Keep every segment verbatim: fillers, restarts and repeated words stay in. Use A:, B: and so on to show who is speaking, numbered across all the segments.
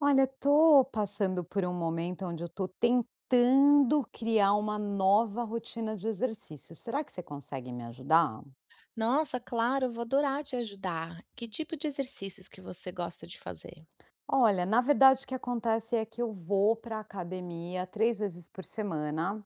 A: Olha, tô passando por um momento, onde eu tô tentando criar uma nova rotina de exercício, será que você consegue me ajudar?
B: Nossa, claro, eu vou adorar te ajudar. Que tipo de exercícios que você gosta de fazer?
A: Olha, na verdade o que acontece é que eu vou pra academia três vezes por semana,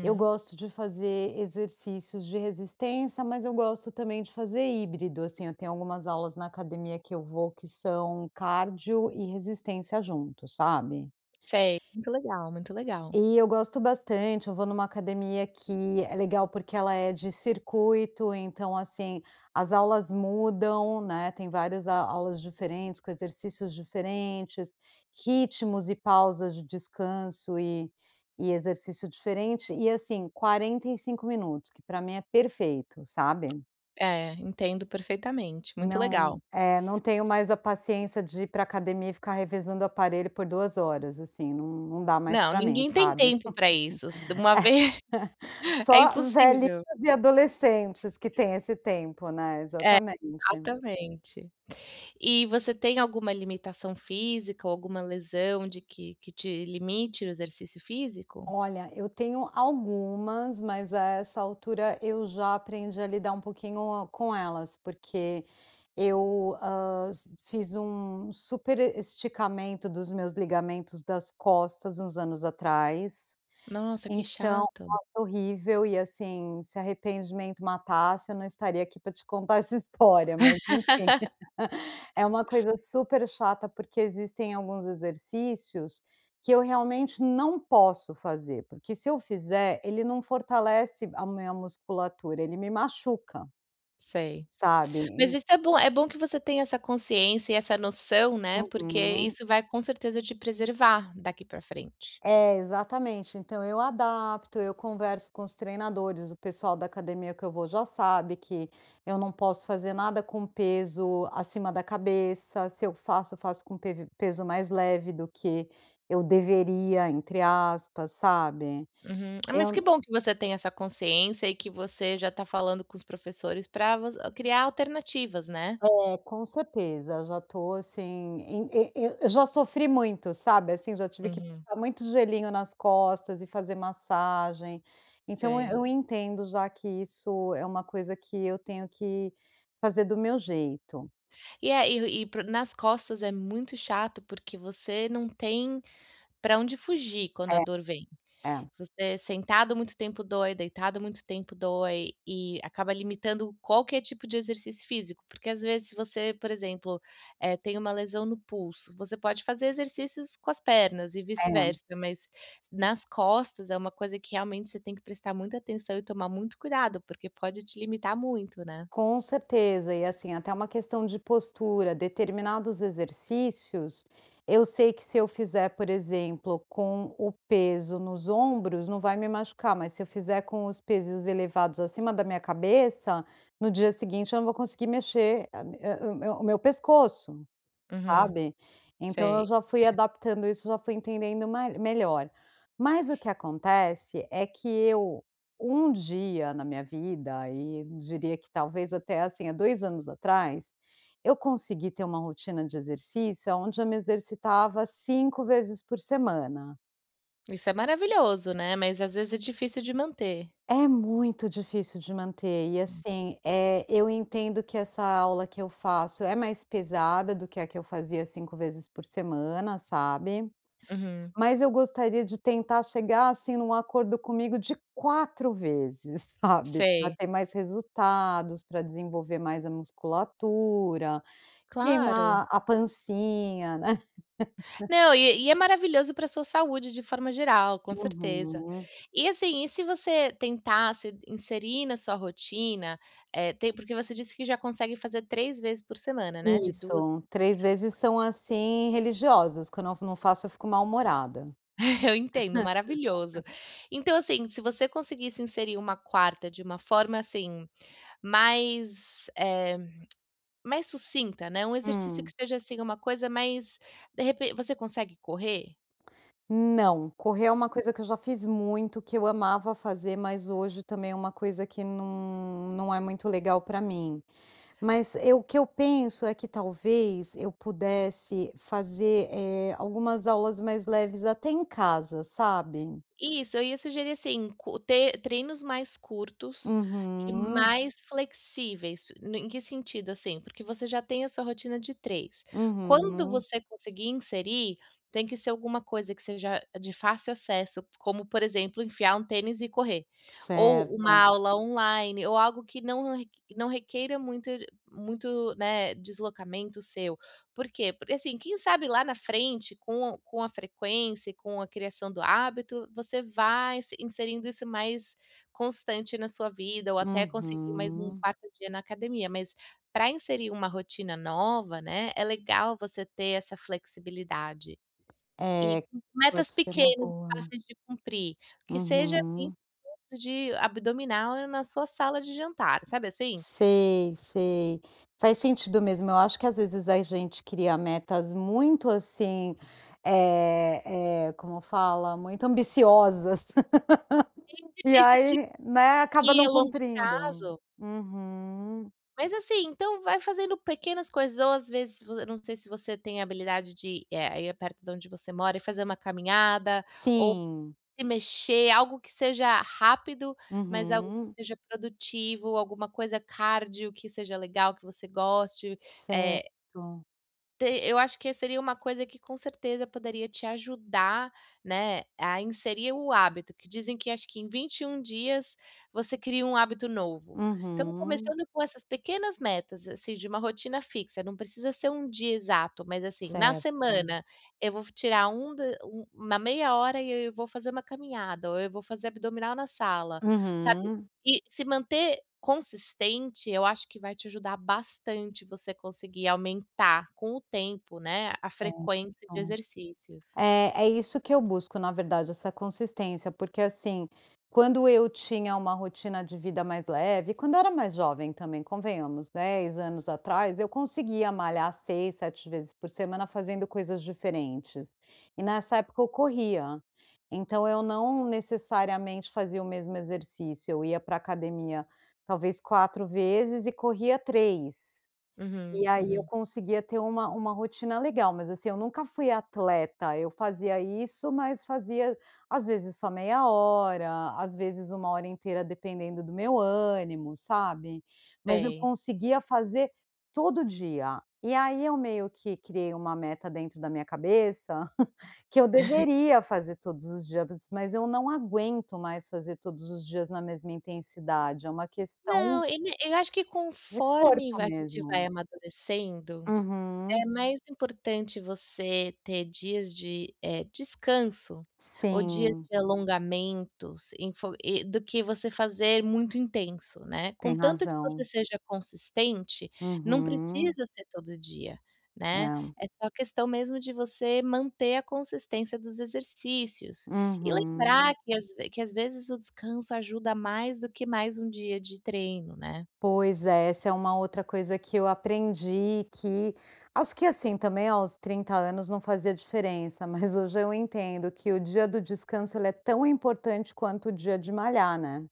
A: eu gosto de fazer exercícios de resistência, mas eu gosto também de fazer híbrido, assim, eu tenho algumas aulas na academia que eu vou que são cardio e resistência juntos, sabe?
B: Sei, muito legal, muito legal.
A: E eu gosto bastante, eu vou numa academia que é legal, porque ela é de circuito, então, assim as aulas mudam, né, tem várias a aulas diferentes com exercícios diferentes, ritmos e pausas de descanso e e exercício diferente, e assim, quarenta e cinco minutos, que pra mim é perfeito, sabe?
B: É, entendo perfeitamente, muito legal.
A: Não, eh, não tenho mais a paciência de ir pra academia e ficar revezando o aparelho por duas horas, assim, num num dá mais
B: Não,
A: pra mim,
B: ninguém tem
A: sabe,
B: tempo pra isso, se uma ve é
A: só velhinhas
B: impossível.
A: e adolescentes que tem
B: É
A: esse tempo, né,
B: É,
A: exatamente.
B: exatamente. E você tem alguma limitação física ou alguma lesão de que que te limite o exercício físico?
A: Olha, eu tenho algumas, mas a essa altura eu já aprendi a lidar pouquinho com elas, porque eu, hã, s fiz um superesticamento dos meus ligamentos das costas uns anos atrás,
B: Nossa, que
A: então,
B: chato.
A: ai foi horrível. E, assim, se arrependimento matasse eu não estaria aqui pra te contar essa história, mas enfim, é uma coisa super chata, porque existem alguns exercícios que eu realmente não posso fazer, porque se eu fizer, ele não fortalece a minha musculatura ele me machuca
B: Sei,
A: sabe,
B: mas
A: en
B: isso é bom, é bom que você tem essa consciência, e essa noção, né, porque,
A: Uhum.
B: isso vai, com certeza, te preservar daqui pra frente.
A: É, exatamente, então, eu adapto eu converso com os treinadores, o pessoal da academia que eu vou já sabe que eu não posso fazer nada com peso, acima da cabeça. Se eu faço, eu faço com pes peso mais leve do que eu deveria, entre aspas, sabe.
B: Uhum, eh, mas
A: Eu
B: que
A: n
B: bom, que você tem essa consciência e que você já tá falando com os professores pra voc criar alternativas, né?
A: É, com certeza já tô, assim, em e e e eu já sofri muito sabe assim, já tive que
B: Uhum.
A: colocar muito gelinho nas costas, e fazer massagem, então, eu
B: Sei.
A: eu entendo já que isso é uma coisa que eu tenho que fazer do meu jeito.
B: E aí e e pro nas costas, é muito chato, porque você não tem pra onde fugir quando a
A: É,
B: dor vem.
A: é.
B: Você sentado muito tempo dói, deitado muito tempo dói e acaba limitando qualquer tipo de exercício físico, porque às vezes você, por exemplo, eh, tem uma lesão no pulso, você pode fazer exercícios com as pernas e
A: É.
B: vice-versa, mas nas costas é uma coisa que realmente você tem que prestar muita atenção e tomar muito cuidado, porque pode te limitar muito, né?
A: Com certeza, e assim até uma questão de postura, determinados exercícios, eu sei que se eu fizer, por exemplo, com o peso nos ombros não vai me machucar, mas se eu fizer com os pesos elevados acima da minha cabeça, no dia seguinte eu não vou conseguir mexer a mi o o me o meu pescoço,
B: Uhum,
A: sabe. Então, eu
B: sei.
A: já fui
B: hum.
A: adaptando isso, já fui entendendo ma melhor, mas o que acontece, é que eu, um dia na minha vida, aí diria que talvez até assim, há dois anos atrás, eu consegui ter uma rotina de exercício, aonde eu me exercitava cinco vezes por semana.
B: Isso é maravilhoso, né? Mas às vezes é difícil de manter.
A: É muito difícil de manter e assim, eh, eu entendo que essa aula que eu faço é mais pesada do que a que eu fazia cinco vezes por semana, sabe?
B: Uhum.
A: Mas eu gostaria de tentar chegar, assim, num acordo comigo de quatro vezes, sabe? Pra
B: Sei.
A: ter mais resultados pra desenvolver mais a musculatura,
B: Claro.
A: queimar a pancinha, né.
B: Não, e e é maravilhoso pra sua saúde de forma geral, com certeza.
A: Uhum.
B: E assim, e se você tentasse inserir na sua rotina, eh, tem porque você disse que já consegue fazer três vezes por semana, né? De dua
A: Isso, três vezes são assim religiosas. Quando eu na não faço eu fico mal humorada.
B: Eu entendo, maravilhoso. Então assim se você conseguisse inserir uma quarta de uma forma assim, mais, eh, mais sucinta, né, um exercício que
A: Hum.
B: esteja assim uma coisa mais, de repe você consegue correr?
A: Hum, não. Correr é uma coisa que eu já fiz muito que eu amava fazer mas hoje também é uma coisa que não não é muito legal pra mim. Mas eu que eu penso é que talvez eu pudesse fazer, eh, algumas aulas mais leves até em casa, sabe?
B: Isso. Eu ia sugerir assim, co te treinos mais curtos e
A: Uhum.
B: mais flexíveis no em que sentido, assim. Porque você já tem a sua rotina de três, quando
A: Uhum.
B: você conseguir inserir tem que ser alguma coisa que seja de fácil acesso, como por exemplo enfiar um tênis e correr ou uma
A: Certo.
B: aula online, ou algo que não req não requeira muito n muito, né, deslocamento seu. Por quê? Porque assim, quem sabe lá na frente com com a frequência e com a criação do hábito, você vai inse inserindo isso mais constante na sua vida, ou até conseguir mais um
A: Uhum.
B: quarto dia na academia, mas pra inserir uma rotina nova né, é legal você ter essa flexibilidade. E
A: É,
B: u metas
A: pode ser uma
B: pequenas e
A: boa.
B: fáceis de cumprir, que seja assim
A: Uhum.
B: de abdominal e na sua sala de jantar, sabe assim?
A: Sei, sei, faz sentido mesmo. Eu acho que às vezes a gente cria metas muito, assim, eh eh, como fala? Muito ambiciosas. E
B: Enche [unintelligible]
A: aí, né.
B: que
A: Acaba não
B: ao longo
A: cumprindo.
B: prazo
A: Uhum.
B: Mas assim, então vai fazendo pequenas coisas ou às vezes vo eu não sei se você tem habilidade de ir, eh, aí perto da onde você mora, e fazer uma caminhada ou
A: Sim.
B: se mexer algo que seja rápido, mas algo que
A: Uhum.
B: seja produtivo alguma coisa cárdio que seja legal que você goste, eh
A: Certo.
B: Te eu acho que seria uma coisa que, com certeza, poderia te ajudar, né, a inserir o hábito que dizem que, acho que em vinte e um dias, você cria um hábito novo. Então,
A: Uhum.
B: começando com essas pequenas metas, assim, de uma rotina fixa. Não precisa ser um dia exato. Mas, assim, na
A: Certo.
B: semana, eu vou fi tirar um d um uma meia hora e eu vou fazer uma caminhada, ou eu vou fazer abdominal na sala, sabe.
A: Uhum.
B: E se manter consistente, eu acho que vai te ajudar bastante você conseguir aumentar, com o tempo, né, a
A: Certo.
B: frequência de exercícios.
A: É, é isso que eu busco na verdade essa consistência, porque assim, quando eu tinha uma rotina de vida mais leve, quando eu era mais jovem também, convenhamos, dez anos atrás. Eu conseguia malhar seis, sete vezes por semana, fazendo coisas diferentes e nessa época eu corria. Então, eu não necessariamente fazia o mesmo exercício, eu ia pra academia, talvez quatro vezes e corria três.
B: Uhum,
A: E aí, eu
B: uhum.
A: conseguia ter uma uma rotina legal. Mas assim, eu nunca fui atleta, eu fazia isso, mas fazia, às vezes, só meia hora, às vezes, uma hora inteira, dependendo do meu ânimo, sabe. Mas eu
B: Sei.
A: conseguia fazer todo dia, e aí eu meio que criei uma meta dentro da minha cabeça que eu deveria fazer todos os dias, bas mas eu não aguento mais fazer todos os dias na mesma intensidade é uma questão
B: Não, e me e acho que,
A: de
B: conforme
A: corpo
B: vai a gente
A: mesmo.
B: vai amadurecendo, é
A: Uhum.
B: mais importante você ter dias de, eh, descanso ou dias
A: Sim.
B: de alongamentos enf do que você fazer muito intenso, né.
A: Tem
B: Contanto que você
A: razão.
B: seja consistente, não
A: Uhum.
B: precisa ser todo dia, né.
A: É.
B: É só questão mesmo de você manter a consistência dos exercícios e lembrar
A: Uhum.
B: que às ve que às vezes o descanso ajuda mais do que mais um dia de treino, né.
A: Pois é, essa é uma outra coisa que eu aprendi que acho que acho que assim também aos trinta anos não fazia diferença, mas hoje eu entendo que o dia do descanso, ele é tão importante quanto o dia de malhar, né.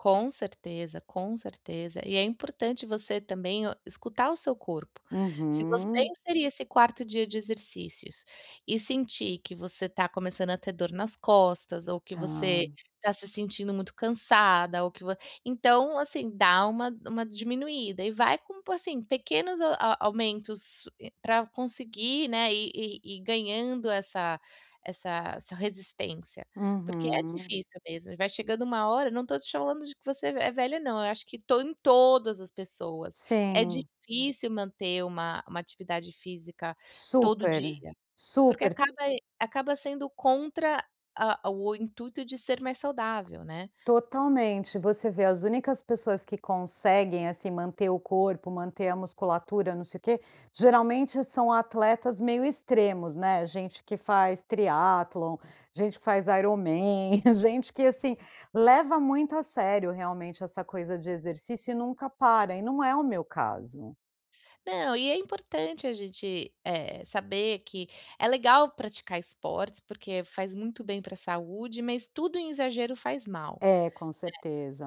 B: Com certeza, com certeza. E é importante você também o escutar o seu corpo. Se você
A: Uhum.
B: inserir esse quarto dia de exercícios e sentir que você tá começando a ter dor nas costas, ou que você
A: Tá.
B: tá se sentindo muito cansada, ou que vo então, assim, dá uma uma diminuída e vai com p assim, pequenos a a aumentos, eh, pra conseguir, né, ir ir ir ganhando essa essa essa resistência, porque é
A: Uhum.
B: difícil mesmo e vai chegando uma hora eu não tô te chamando de que você é velha não, eu acho que to em todas as pessoas é
A: Sim.
B: difícil manter uma uma atividade física todo
A: Super.
B: dia, porque
A: Super
B: acaba acaba sendo contra a o intuito de ser mais saudável, né.
A: Totalmente. Você vê as únicas pessoas que conseguem assim manter o corpo, manter a musculatura, não sei o que, geralmente, são atletas meio extremos, né. Gente que faz Triathlon, gente que faz IronMan, gente que, assim, leva muito a sério realmente essa coisa de exercício e nunca para. E não é o meu caso.
B: Não. E é importante a gente, eh, saber que é legal praticar esportes, porque faz muito bem pra saúde, mas tudo em exagero faz mal,
A: É, com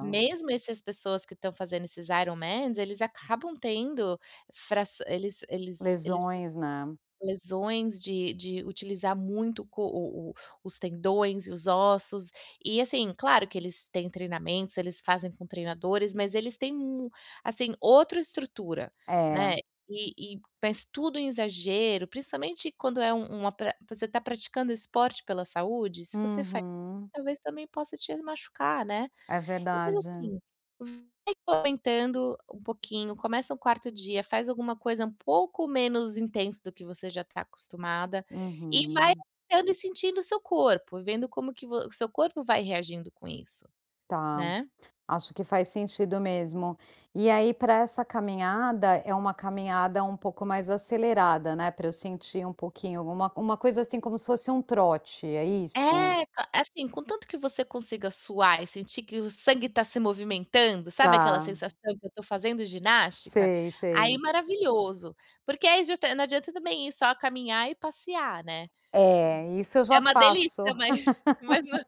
B: né. Mesmo esses pessoas que estão fazendo esses IronMan, eles acabam tendo fras eles eles eles têm
A: Lesões, né.
B: lesões de de utilizar muito co o o os tendões e os ossos. E, assim, claro que eles têm treinamentos, eles fazem com treinadores, mas eles têm mu assim, outra estrutura,
A: É.
B: né. E e mas tudo em exagero, principalmente, quando é um um atle você está praticando esporte pela saúde, se você fa
A: Uhum.
B: talvez também possa te machucar, né.
A: É
B: Então, faz
A: verdade.
B: assim, vai aumentando um pouquinho, começa o quarto dia, faz alguma coisa um pouco menos intenso do que você já tá acostumada, e vai
A: Uhum.
B: aumentando e sentindo o seu corpo e vendo como que vo o seu corpo vai reagindo com isso,
A: Tá.
B: né.
A: Acho que faz sentido mesmo. E aí, para essa caminhada, é uma caminhada um pouco mais acelerada, né, para eu sentir um pouquinho. Uma uma coisa assim como se fosse um trote, é
B: É!
A: isso?
B: A é assim, contanto que você consiga suar e sentir que o sangue tá se movimentando, sabe aquela
A: Tá.
B: sensação que eu tô fazendo ginástica?
A: Sei,
B: Aí
A: sei.
B: maravilhoso. Porque aí justa não adianta também ir só caminhar e passear, né.
A: É, isso eu
B: É
A: já
B: uma
A: faço.
B: delícia, mas mas nã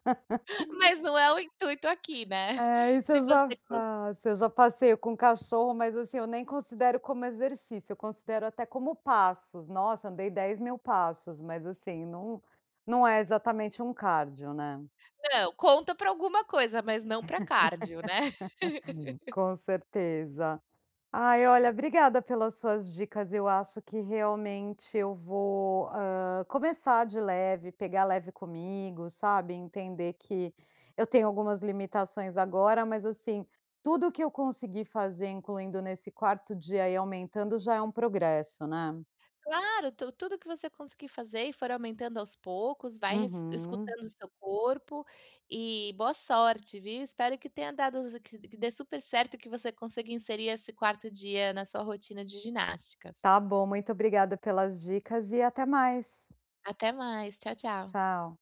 B: mas não é o intuito aqui, né.
A: É isso
B: Se
A: eu já
B: você con
A: faço. Eu já passeio com cachorro, mas, assim, eu nem considero como exercício. Eu considero até como passos. Nossa, andei dez mil passos, mas, assim, não não é exatamente um cardio, né?
B: Não, conta pra alguma coisa, mas não pra cardio, né.
A: Com certeza. Ai, olha, obrigada pelas suas dicas. Eu acho que realmente eu vou, hã, começar de leve, pegar leve comigo, sabe, entender que eu tenho algumas limitações agora, mas, assim, tudo que eu conseguir fazer incluindo nesse quarto dia e ir aumentando já é um progresso, né?
B: Claro, tu tudo o que você conseguir fazer e for aumentando aos poucos, vai res
A: Uhum.
B: escutando o seu corpo e boa sorte, viu. Espero que tenha dado que que dê supercerto e que você consiga inserir esse quarto dia na sua rotina de ginásticas.
A: Tá bom. Muito obrigada pelas dicas e até mais.
B: Até mais. Tchau, tchau.
A: Tchau.